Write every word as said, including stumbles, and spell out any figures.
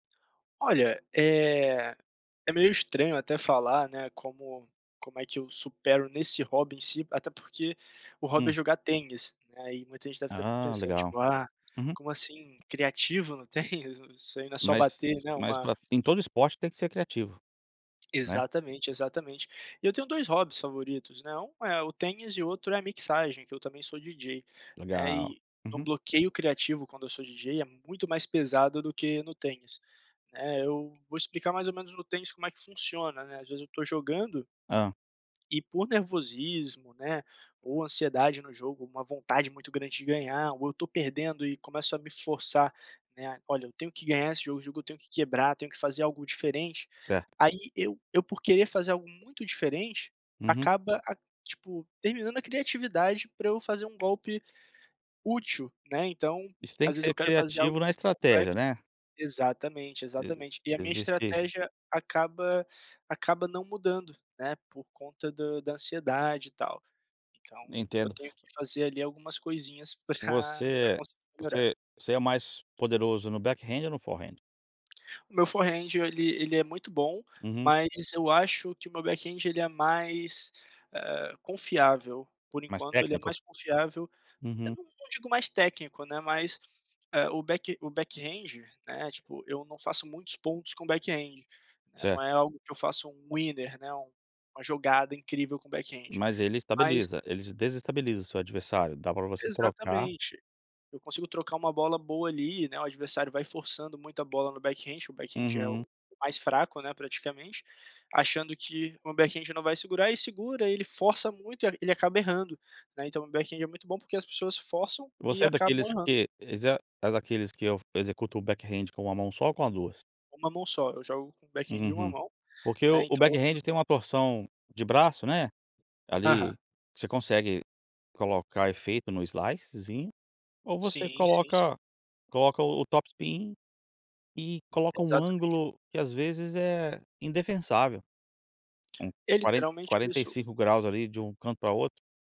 Olha, eh, é meio estranho até falar, né, como como é que eu supero nesse hobby em si, até porque, o hobby é Hum. jogar tênis, né, aí muita gente deve tá Ah pensando legal, tipo: "Ah, uhum. como assim "criativo" no tênis, isso ai não é só Mas bater, né, mas uma" pra em todo esporte tem que a ser criativo. Né. Exatamente, exatamente. E eu tenho dois hobbies favoritos, né, um é o tênis e outro é a mixagem, que eu também sou DJ, né, Legal, eh, um uhum. bloqueio criativo, quando eu sou DJ, é muito mais pesado do que no tênis, né, eu vou explicar mais ou menos no tênis como é que funciona, né, as vezes eu tô jogando Hã? e por nervosismo, né, ou ansiedade no jogo, uma vontade muito grande de ganhar, ou eu tô perdendo e começo a me forçar, né, "Olha, eu tenho que ganhar esse jogo, o jogo eu tenho que quebrar, tenho que fazer algo diferente", Certo. aí eu eu, por querer fazer algo muito diferente, Uhum. acaba a tipo terminando a criatividade pra eu fazer um golpe útil, né, então, E você tem às que vezes eu ser quero fazer algo criativo na muito estratégia, complexo né. exatamente, Eh, exatamente, e a minha existir? estratégia acaba acaba não mudando, né, por conta da da ansiedade e tal, então, eu Entendo. tenho que fazer ali algumas coisinhas pra pra Você conseguir melhorar. você você é mais poderoso no backhand ou no forehand? O meu forehand ele ele é muito bom, Uhum. mas eu acho que o meu backhand ele é mais, ah, confiável, por Mais enquanto ele é técnico? mais confiável. Eu Uhum. não não digo mais técnico, né, mas, eh, o back o backhand né, tipo, eu não faço muitos pontos com backhand, né, não Certo. é algo que eu faço um winner, né, um uma jogada incrível com backhand, Mas ele mas estabiliza, ele desestabiliza seu adversário, dá pra você trocar Exatamente, eu consigo trocar uma bola boa ali, né, o adversário vai forçando muita bola no backhand, o backhand é Uhum. o o mais fraco né praticamente, achando que o meu backhand não vai segurar e segura, ele força muito e e ele acaba errando, né, então o backhand é muito bom porque as pessoas forçam e Você é acabam daqueles errando. que exe é daqueles que eu executo o backhand com uma mão só ou com a duas? uma mão só, eu jogo com o Hum, backhand, de hum, uma hum, mão, porque o né, o então, outro backhand tem um torção de braço, né, Aham. ali, você consegue colocar efeito no slicezinho ou você Sim, sim, sim. coloca coloca o o topspin e coloca um Exatamente. ângulo que as vezes é indefensável, um É, quaren literalmente quarenta e isso. cinco graus ali, de um canto pra outro.